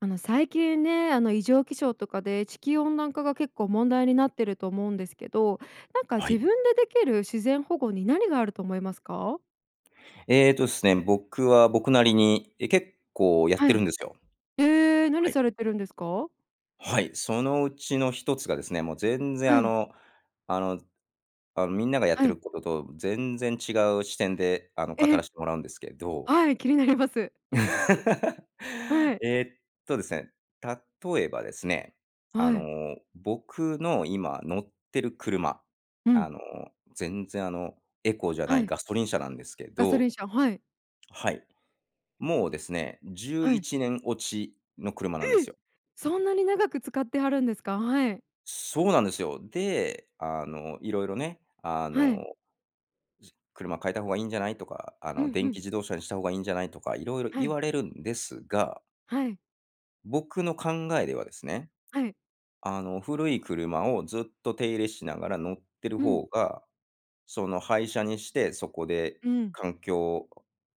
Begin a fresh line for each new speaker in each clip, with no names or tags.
あの、最近ね、あの、異常気象とかで地球温暖化が結構問題になってると思うんですけど、なんか
は
自
い。
分でできる自然保護に何があると思いますか？
えっとっすね、僕は僕なりに、え、結構やっ
は
てる
い。
んですよ。
ええ、
は
何さ
い。
れてるんですか？
はい。そのうちの一つがですね、もう全然、
は
あ
い。
の、あの、あ、みんながやっ
は
て
い。
ることと全然違う視点で、あの、語
え。
らしてもらうんですけど
はい、気になります。はい。
えっとですね、例えばですね、あ
はい。
の、僕の今乗ってる車、
うん。
あの、全然、あの、エコじゃな
は
い
い。
ガソリン車なんですけ
ガソ
ど
リン車、はい。
はい。もうですね、じゅう
は
い
い。
ちねん落ちの車なんです
え！
よ。
そんなに長く使ってはるんですか？はい。
そうなんですよ。で、あの、いろいろね、あの、
はい。
ず「車買えた方がいいんじゃない？」とか、あ
う
の、
ん、ふ
「電
ん。
気自動車にした方がいいんじゃない？」とか色々
は
言
い。
われるんですが
はい。
僕の考えではですね、
はい。
あの、古い車をずっと手入れしながら乗ってる
うん。
方が、その、廃車にして、そこで、
うん。
環境、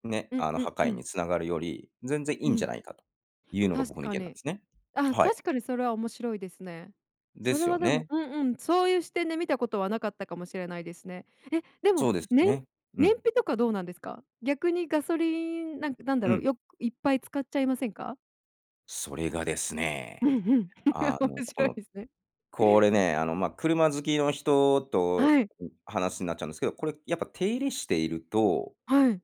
ね、
ん、ん、
あの、破
う
壊
ん。
に繋がるより、全然い
う
いんじゃ
ん。
ないかというのが
確
僕の意
か
見なん
に。
ですね。
あ、
はい。
確かにそれは面白いですね。
で
それ
すよ
は、でも
ね。
うんうん、そういう視点で見たことはなかったかもしれないですね。え、で
そ
も、
うですよ
ねん
ね。う
燃
ん。
費とかどうなんですか？逆にガソリン、なんなんだ
う
ろう、
ん。
よくいっぱい使っちゃいませんか？
それがです
う
ね、
んうん。
あの、
面
こ
白い
の
ですね。
これね、あの、ま、車好きの人と、
はい。
ん、話んなっちゃうんですけど、これ、やっぱ手入れしていると
はい。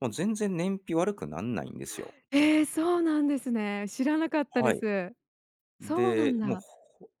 もう全然燃費悪くなんないんですよ。
ええ、そうなんですね。知らなかったで
はい。
す。そうなん
で、もう、
だ。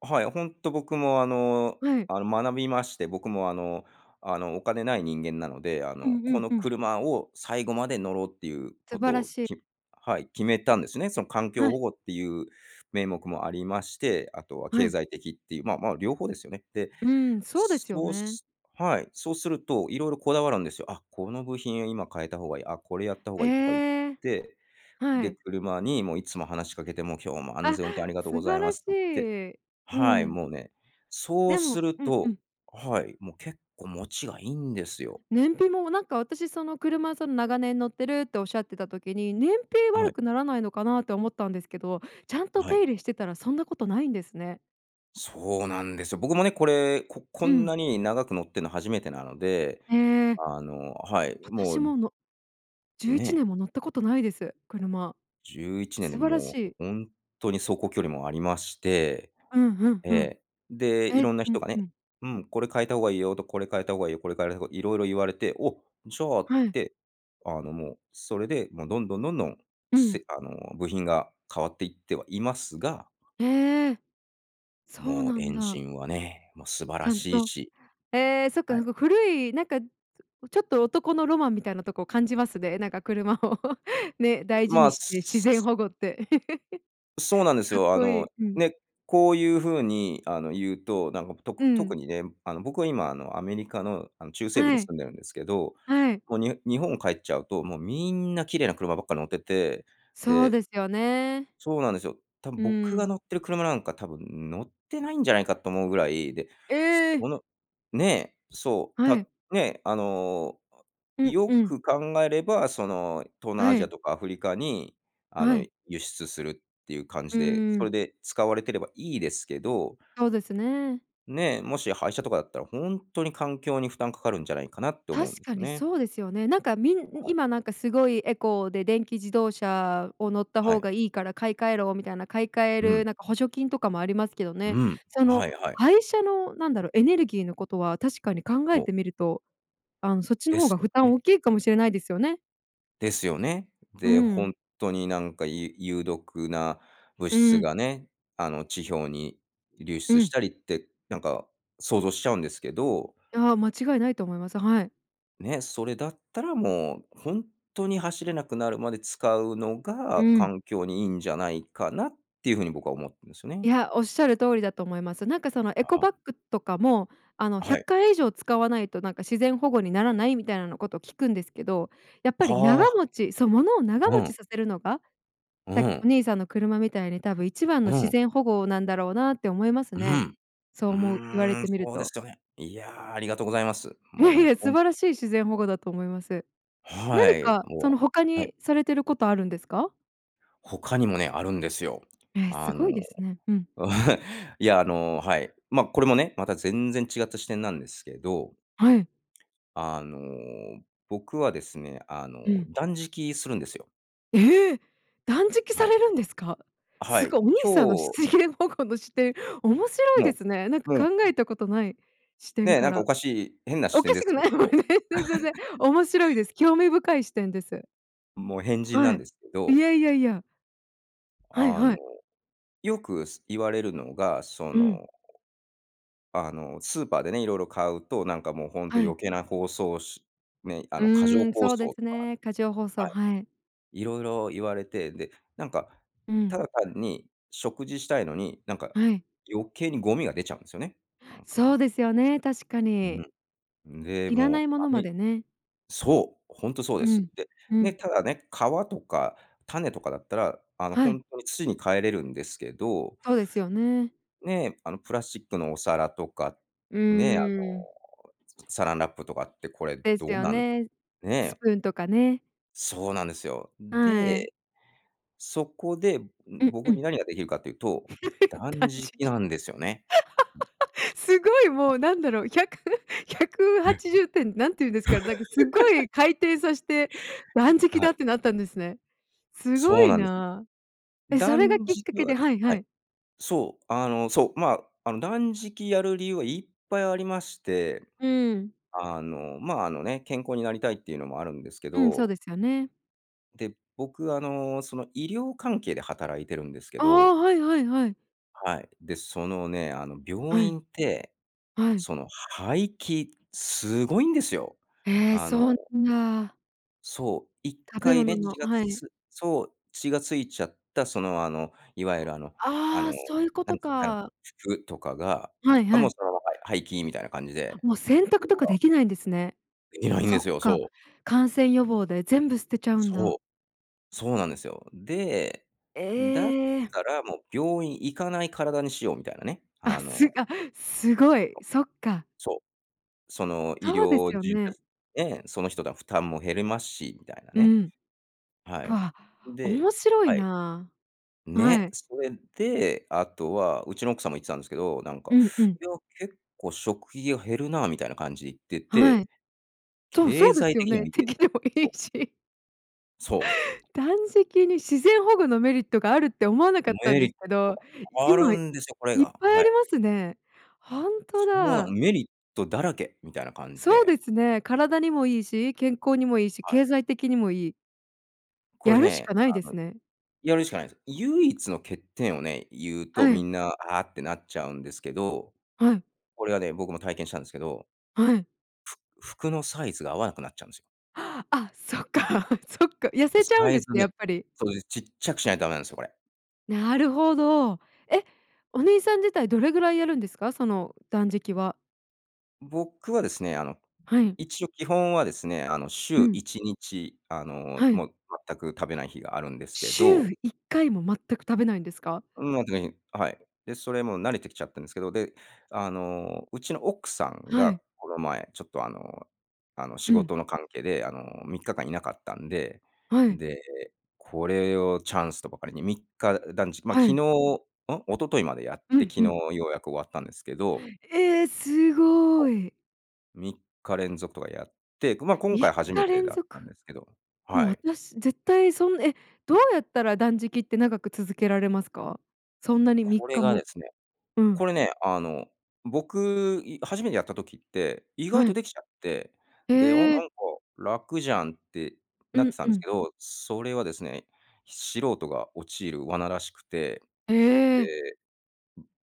ほはい、ホント僕も、あの、
はい。
あの、学びまして、僕も、あの、あの、お金ない人間なので、あ
うん
の、
う
こ
ん
の
うん。
車を最後まで乗ろうっていうこ
素
と
晴ら
を、
しい。
きはい、決めたんですね。その環境
はい。
保護っていう名目もありまして、あとは
は
経
い。
済的っていう、まあ、まあ、両方ですよね。で、
うーん、そうですよ
そう
ね。
すはい、そうすると、色々こだわるんですよ。あっ、この部品今変えた方がいい、あ、これやった方がいいとか言っ
ええ。
て、
は
で、
い。
車に、もういつも話しかけて、もう今日も安
あ、
全運転ありがとう
素
ござ
晴
いま
らし
すって言って
い。うー
はい、
ん。
もうね、そう
で
す
も
る
うんう
と
ん。
はい、もう結構もちがいいんですよ。
燃費も、なんか、私、その車、その、長年乗ってるっておっしゃってた時に、燃費
あ、は
悪
い。
くならないのかなって思ったんですけど、ちゃんと
あ、は
手
い。
入れしてたら、そんなことないんですね。
そうなんですよ。僕もね、これ、ここ
う
ん
ん。
なに長く乗ってんのは初めてなので、
へえ。
あのはい、も
私
う
も、のじゅうい
ね
ち
え。
ねんも乗ったことないです。車。
11年で
素晴らし
もう、
い。
ほんっとに走行距離もありまして、
うん、ふん
え
ふん。
え、で、
え、ん、
色んな
う
人
ん
がね、
うん。
うん、これ変えた方がいいよと、これ変えた方がいいよ、これ変えろとか、色々言われて、お、じゃあっ
はい。
て、あの、もう、それで、もう、どんどん、どんどん、
うん。
せあの、部品が変わっていってはいますが
へえ。そう
もう
な
エ
ん
ンジ
だ。
ンはね、もう、素晴
ち
ら
ゃん
しい
と
し
ええ、そっか
は
ふ
い。
ごく古い、なんか、ちょっと男のロマンみたいなとこを感じますね。なんか車を、ね、大事
ま
に
あ、
して、
す
自
す
然
す
保護って。
そうな んです
かっ
よ。あ
こい
の、
い、うん。
ね、こういう風に、あの、言うと、なんかと
う
く特
ん。
にね、あの、僕は今、あの、アメリカの、あの、中西部に
はい。
住んでるんですけど、
はい。
もう、にほ日本帰っちゃうと、もうみんな綺麗な車ばっかり乗ってて、
そう
で
ですよね。
そうなんですよ。たぶん
う
僕が
ん。
乗ってる車なんか多分乗ってないんじゃないかと思うぐらいで、そ
ええ。
のねえ、そう、
は
た
い。
ね、あの、あ、
ん、
よ
うん。
く考えれば、その、東南ア
は
ジア
い。
とかアフリカに、あ
は
の、
い。
輸出するっていう感
う
じで、
ー
それ
ん。
で使われてればいいですけど。
そうですね。
ねえ、もし廃車とかだったら、ほんっとに環境に負担かかるんじゃないかなって思うん
確
です
かに
ね。
そうですよね。なんかみん
はい。
今なんかすごいエコで電気自動車を乗った
は
方
い。
がいいから買い換えろみたいな買い換え
う
る
ん。
なんか補助金とかもありますけどね。
うん、
そ
は
の、
いはい。
廃車のなんだろうエネルギーのことは確かに考え
ほう。
てみると、あの、そっちの
で
方
す
が
よ
負担
ね。
大きいかもしれないですよね。
ですよね。
うー
で、ほ
ん。
んっとに、なんか、ゆ有毒な物
う
質
ん。
がね、あの、地表に流
う
出し
ん。
たりって、なんか、想像しちゃうんですけど
ああ、間違いないと思います。はい。
ね、それだったらもう、ほんっとに走れなくなるまで使うの
う
が、
ん。
環境にいいんじゃないかなっていう風に僕は思うんですよね。
いや、おっしゃる通りだと思います。なんか、その、エ
あ
コ
あ。
バッグとかも、あの、
あ、
ひゃ
は
っ
い。
かい以上使わないと、なんか、自然保護にならないみたいなこと聞くんですけど、やっぱ
あ
り長
あ。
持ちそう、物を長
う
持
ん。
ちさせるのが、
う
さっきお
ん。
兄さんの車みたいに多分一番の
う
自
ん。
然保護なんだろうなって思います
う
ね。
ん。
そう
う
思う、言われ
ーん、
てみる
そうで
と。
すよね。いや、ありがとうございます。
い
も
や
う
い
ね、
や、素
ほん [unintelligible]
晴らしい自然保護だと思います。
は
何
い、
か、そ
も
の、他
うはい。
にされてることあるんですか？
他にもね、あるんですよ。
え、す
あの、
ごいですね。うん。
いや、あの、はい。ま、これもね、また全然違った視点なんですけど。
はい。
あの、僕はですね、あ
う
の、
ん。
断食するんですよ。
え！断食さ
はい。
れるんですか？
は
す
い、
ごい、お兄さんのし
今日
つげん保護の視点、面白いで
も
すね。なんか
う、もう
考えたことない視点
ね、
か
なんか
ら。
おかしい変な視
お
点
か
で
し
す
く
け
ない、
ど。
全然 面白いです。興味深い視点です。
もう変人な
は
ん
い。
ですけ
い
ど。
やいやいや。はい
あの、
はい。
よくす言われるのが、そ
うん。
の、あの、スーパーでね、色々買うと、なんかもう本当
はい。
余計な包装しね、あ
う
の、過剰
ーん、
包
そう
装
で
と
す
か。
ね。過剰包装、
はい。
はい。
色々言われて、で、なんか、
うん。
ただ単に、食事したいのに、なんか、
はい。
余計にゴミが出ちゃうんですよね、なんか。
そうですよね、確か
う
に。
ん。で、
要ら
もう
ないも
あ
のま
め
でね。
そう、ほんとそう
う
です。
ん、
で、
う
ね、
ん。
ただね、皮とか種とかだったら、あの、
は
ほ
い。
んとに土に還れるんですけど
そうですよね。
ねえ、あのプラスチックのお皿とか、
う
ね、あの
ーん。
サランラップとかってこれ
で
ど
す
う
よ
なん
ね。ス
ね？
プーンとかね。
そうなんですよ。
はい。
で、そこで、ん、
うんう
僕に
ん。
何ができるかっていうと、断
断
食
食、
なんですよね。
すごいもうなんだろう、ひゃくひゃくは
え。
ちじゅってん何て言うんですかね、なんかすご い回転さして断
あ、w
食
はい。
だってなったんですね。すご
そう
い
なんですよ。
な。え、それが
断
きっ
食
かけ
は
で
です
はいは
はい。
い。
そう、あのそう、ま、あの断食やる理由はいっぱいありまして、
うん。
あの、ま、あのね、健康になりたいっていうのもあるんですけ
うん、そう
ど
ですよね。
で、僕、あの、その、医療関係で働いてるんですけ
あ
ど。
あ、はいはいはい。
はい、で、そのね、あの、病
はい。
院って、
はい。
その廃棄、すごいんですよ。
へえ、
あの
そんな。
そう、いっ
食べ
かい
物
ね、
の
血が
はい。
つそう、血が付いちゃったそのあの、いわゆるあの、あの、
ああ、そういうこ
なん
と
つかな、
か。
服とかが、
はい
あ、も
は
う
い。
そのまま廃棄みたいな感じ
あ、
で。
もう洗濯
う
とか
わ。
できないんですね。
できないん
そ
で
っ
すよ。そ
か、
う。
感染予防で全部捨てちゃうんだ。
そう、そうなんですよ。で、だっ
ええ。
たら、もう病院行かない体にしようみたいなね、
あ、
あの
すあ、すごい。
そう、
そっか。
そう。その医
そうです
療
よ
じ
ね。
でね、その人だ負担も減りますし、みたいな
う
ね。
ん、
は
う
い、
わ、
で
面白い
はい。
なあ。は
ね、
い。
それで、あとは、うちの奥さんも言ってたんですけど、なんか、
うんうん。
いや、結構食費が減るなみたいな感じ言って
はい。
て、
そうそ
経
うで
済
すよ
的に
ね。
はいい
て
です。
きでもい
そう。
いし。
そう。
断食に自然保護のメリットがあるって思わなかったん
メリ
で
ッ
すけ
ト
ど、
ある
今いっ
んですよ、これが、
ぱい
は
あり
い。
ますね。本当
そうなん、
だ。
メリットだらけみたいな感じ
そう
で。
ですね。体にもいいし、健康にもいいし、
はい。
経済的にもいい。
こ
や
れ
るしか
ね、
ないで
あの、
すね。
やるしかないんす。唯一の欠点をね、言うと、
は
み
い。
んな「ああ」ってなっちゃうんですけど。
はい。
これはね、僕も体験したんですけど
はい。
ふ服のサイズが合わなくなっちゃうんすよ。
あっ、そっか、そっか、痩
こ
せ
れ
ちゃう
サ
ん
イ
です
ズ
ね、
ね
やっぱり。
そう、で、ちっちゃくしないとダメなんすよ、これ。
なるほど。え、お兄さん自体どれぐらいやるんですか？その、断食は？
僕はですね、あの、
はい。
一応基本はですね、あの、し
う
ゅう
ん。
いちにち、あの、
はい。
もう全く食べない日があるんですけ
しゅう
ど
いっかいも全く食べないんですか？
うん、まあ [unintelligible] あ、はい。で、それもう慣れてきちゃってんですけど。で、あの、うちの奥さん
は
が、
い。
この前ちょっと、あの、あの、仕
うん。
事の関係で、あの、3日間いなかったんで、
は
ん
い。
で、これをチャンスとばかりに3日だんじま、昨
は
日ん？
い。
一昨日までやっ
う
て
ん、
昨
ふ
日
ん。
ようやく終わったんですけど
ええ、すご
そ
い。
う。3日連続とかやって、ぐま、今
みっ
回初め
か
て
連
だっ
続。
たんですけど
もう
はい。
私絶対そんえ、どうやったら断食って長く続けられますか？そんなにみっ
これ
か
がで
も。
すね、
うん。
これね、あの、僕、い初めてやった時って、意外
は
と
い。
できちゃって、で「あ、なんか
ええ。
楽じゃん」って
う
なって
ん
たん
う
です
ん。
けど、それはですね、素人が陥る罠らしくて。
え。
で、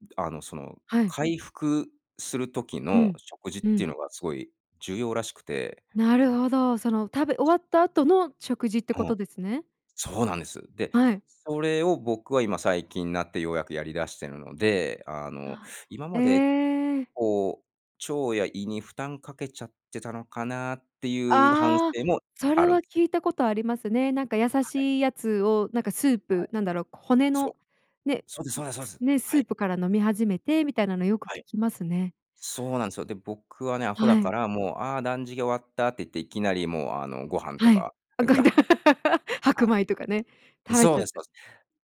ん、で、あの、その、
はい。
回復する時
う
の
ん。
食事っ
う
てい
ん。
うのがすごい重要らしくて
なるほど。その食べ終わった後の食事ってこ
うん。
とですね。
そうなんです。で、
はい。
それを僕は今最近なってようやくやり出してるので、あの、
な
今
あ
まで、
ええ。
こう、腸や胃に負担かけちゃってたのかなっていう反
ああ、
省も
そ
あ
れ
るん
は
すね。
聞いたことありますね。なんか優
はい。
しいやつを、なんかスー
は
プ、
い。
なんだろう、骨
そう。
の、ね、ん、
そうですそうですそうで
す
す。
ね、
は
スー
い。
プから飲み始めてみたいなのよく聞
はい。
きますね。
そうなんすよ。で、僕はね、アホだ
は
か
い。
ら、もう「ああ断食終わった」って言って、いきなり、もう、あの、ご飯と
はい、
か
あ、ご
が
飯
っ
だ、
は
白米とかね、
い。ん、
食べ
そ
ち
う
ゃっ
です、そ
て。
うす。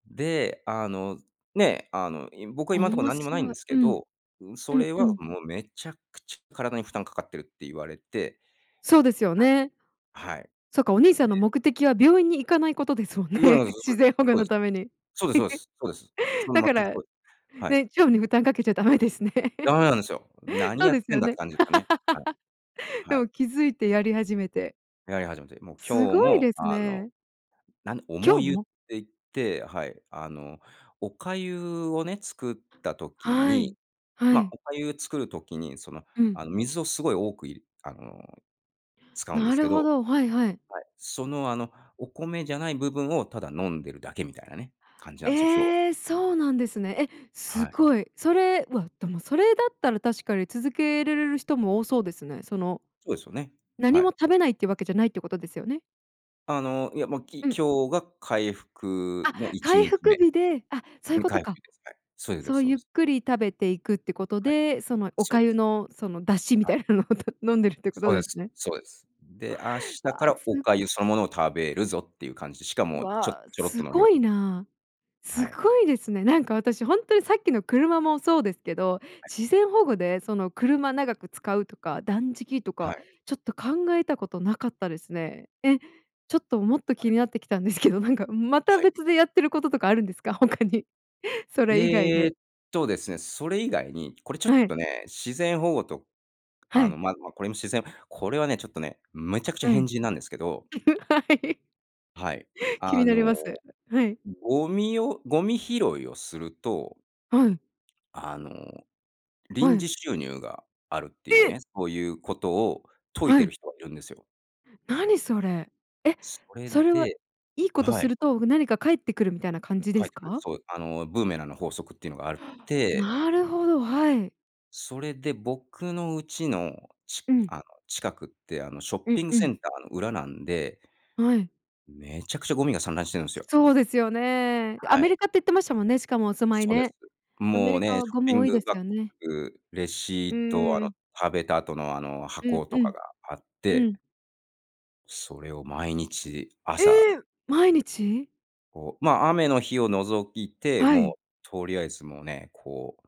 で、あの、ね、あの、い僕は今んとこ
面
何にもないん
白
で
い。
す
う
け
ん。
ど、うん、
う
そ
ん
れ
う
は
ん。
もう、めちゃくちゃ体に負担かかってるって言われて
そうですよね。
はい。はい。
そっか、お兄さんの 目的は病院に行かないことですもんね、自然保護のために。
そう、そうです。そうです。そうですそうです。そ うです。そう
だ
全
か
く
ら、
そうはい。
ね、腸に負担かけちゃダメですね。
駄目なんですよ。何
そう
やっ
です
てん
よ
だって
ね。
感じですかね。はい。は
で
い。
も気づいてやり始めて。
やり始めて。もう
す
今日
ごい
も、
です
あの、
ね。
何？重
今日
湯って
も？
言ってはい、あの、お粥をね、作った時
はい。
に
は
ま、
い。
お粥作る時に、その、
うん。
あの、水をすごい多くいるあの、使うんで
な
す
る
け
ほ
ど
ど、はいはい。
はい、その、あの、お米じゃない部分をただ飲んでるだけみたいなね、感じなんですよ、今日は。
ええ、そうなんですね。え、す
はい。
ごい。それ、うわ、でも、それだったら確かに続けれる人も多そうですね。その、
そうですよね。
何
は
も
い。
食べないってわけじゃないってことですよね。
あの、いや、ま、き
うん。
今日が回復
あ、
のいち
回
にち
復
め。
日で、あ、そういう
に
こ
か
と
いめ
か。
です。はい。それで
そ
す
う
そう
ゆ
で
っ
す。
くり食べていくってこと
はい。
で、そのお
そうです。
粥のその出汁み
はい。
たいなのを飲んでるっていうこ
そ
と
うで
です
す、
ね。
そうです。で、明日
わ
か
あ、
らお
す
粥そのものを食べるぞっていう感じで、しかもちょ
わあ、
ちょろっと
す
の量
ご
を。
いなあ。
は
す
い。
ごいですね。なんか私本当にさっきの車もそうですけど、
はい。
自然保護で、その車長く使うとか断食と
は
か、
い。
ちょっと考えたことなかったですね。え、ちょっと、もっと
は
気
い。
になってきたんですけど、なんかまた
はい。
別でやってることとかあるんですか？他にそれ以外
えっ
で。
とですね、それ以外に、これちょっ
はい。
とね、自然保護と、
は
あ
い。
の、ま、ま、これも自然これはね、ちょっとね、めちゃくちゃ
は
変
い、
人なんですけど。
はい。
はい、
気
あ
になり
の
ます。はい。
ゴミをゴミ拾いをすると
はい。
あの、
は
臨
い。
時収入があるっていう
え！
ね、そういうことを説い
は
てい
い。
る人がいるんですよ。
何それ。え、
それ
それは
で
いいこ
あ、
と
は
す
い。
ると、何か返ってくるみたいな感じで
かえっ
す
てくる。
か？
そうあのブーメランの法則っていうのがあるっ て
なるほど、はい。
それで僕の家の、ち
うん。
あの、近くって、あの、ショッ
う、
ピング
う
セ
ん。
ンターの裏なんで
はい。
めちゃくちゃゴミが散乱してるんすよ。
そうですよね。ア
は
メ
い。
リカって言ってましたもんね、しかもお住まい
そうで
ね。
す。
アメ
もう
リカ
ね、シ
は
ョッ
ゴ
ピ
ム多
ン
いで
グ
す
バッ
よね。
グ、レ
う
シート、あ
ー
の、
ん。
食べた後の、あの、
うん
箱と
う
か
ん。
があっ
う
て
ん。
それを毎日、
え
朝
え！毎日？
こうま、雨の日を除いて、
は
もう、
い。
とりあえずもうね、こう、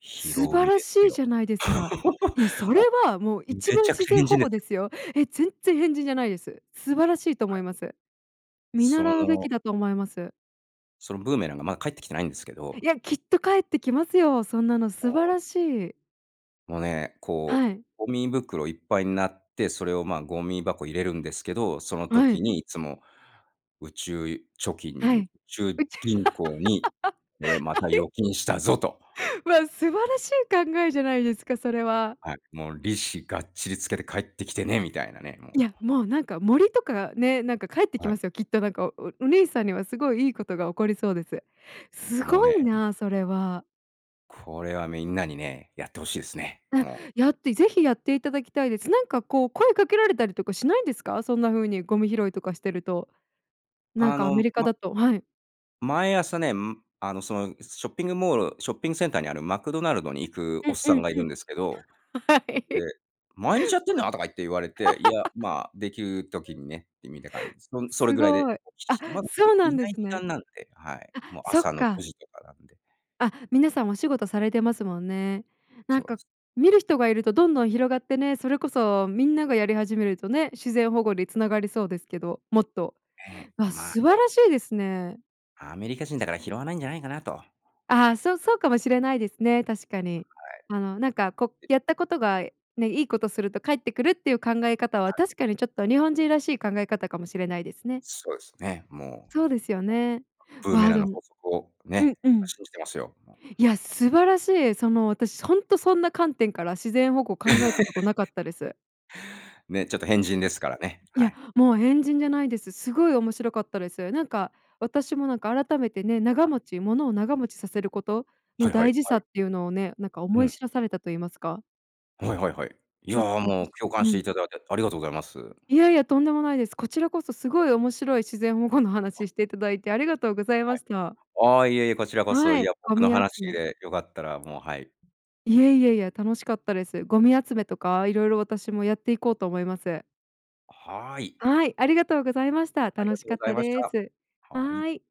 拾
素
う
晴
ん
ら
です
しいじ
よ。
ゃないですか。いや、そ れ
も
は、もう、
う、
一
め
番
ちゃく
自
ちゃ
然
変
保
人で
護
す。
ですよ。え、全っ然変人じゃないです。素晴らしいと思
は
い
い。
ます。見
そ
習うべ
の
きだと思います。
そのブーメランがまだ帰ってきてないんですけど
いや、きっと返ってきますよ。そんなの素晴
ああ。
らしい。
もうね、こう、
はい。
ゴミ袋いっぱいんなって、それを、まあ、ゴミ箱入れるんですけど、その
は
時
い。
にいつも宇宙貯
は
金、宇
い。
宙
宇宙。
銀行にこれ ま
は
た預
い？
金したぞ！と。
わ、素晴らしい考えじゃないですか、それは。
はい、もう利子がっちりつけて返ってきてね、みたいなね、もう。
いや、もう、なんか、森とかね、なんか、返ってき
はい。
ますよ、きっと、なんか、おおお兄さんにはすごいいいことが起こりそうです。す
もう
ご
ね、
い
ん。
な、それは。
これはみんなにね、やって欲しいすね。
あ、
もう。
やって是非やっていただきたいです。なんかこう声かけられたりとかしないんですか？そんな風にゴミ拾いとかしてると。なん
あ
かア
の、
メリカ
ま
だと、はい。
毎朝ね、ん、あのそのショッピングモールショッピングセンターにあるマクドナルドに行く
う
おっ
んう
さん
ん
がい
う
るん
ん、
ですけど、
は
で、
い
「毎日やってんの？」とか言って言われて、「いや、ま、できる時にね。」ってみた感じ、そんそれ
す
ぐらいで、
ごい。
ひ
あ、
ひまだ人い
そうなんで
ない
す
時
ね。
間なんで、はい。
あ、
もう
そっ
朝のご
か。
じとかなんで。
あ、皆さんお仕事されてますもんね。な
そ
ん
うで
か
す、
見
うん。
る人がいるとどんどん広がってね、それこそみんながやり始めるとね、自然保護につながりそうですけど、もっと。
ね、
あ、
ま、い
素晴
や。
らしいですね。
アメリカ人だから拾わないんじゃないかなと。は
あ、
い。
そうそうかもしれないですね。確かに。あのなんかこ
はい。
やったことがね、いいことすると返ってくるっていう考え方は
はい。
確かにちょっと日本人らしい考え方かもしれないですね。
そうですね。も
そう
う。
ですよね。
ブーメ
わ、
ラン
で
の
も
法則を、
うん
ね、
う
僕は
ん。
信じてますよ、もう。
いや、素晴らしい、その私ほんとそんな観点から自然保護考えたことなか ったです。
ね、ちょっと変人で
[unintelligible]
すからね。
い
は
や、
い。
もう変人じゃないです。すごい面白かったです。なんか私も、なんか改めてね、長
あ。
持ち物を長持ちさせること
は
の
いは
大
い
事
は
さ
い。
っていうのをね、なんか
う
思い
ん。
知らされたと言いますか。
はいはいはい。いや
ちょっと
も
私
う、共感
う
してい
ん。
ただいてありがとうございます。
いやいや、とんでもないです。こちらこそすごい面白い自然保護の
あ。
話ししていただいてありがとうござい
は
ました。
い。あ、いえいえ、こちらこそ、
は
い
い、
や
ゴ
僕の
ミ集
話
め
で良かったらもう、はい。
いやいやいや、楽しかったです。ゴミ集めとか色々私もやっていこうと思います。
はい。
はい、ありがとうございました。
あり
楽
が
し
とう
かっ
ござい
た
まし
で
た。
す。
はい。
はい。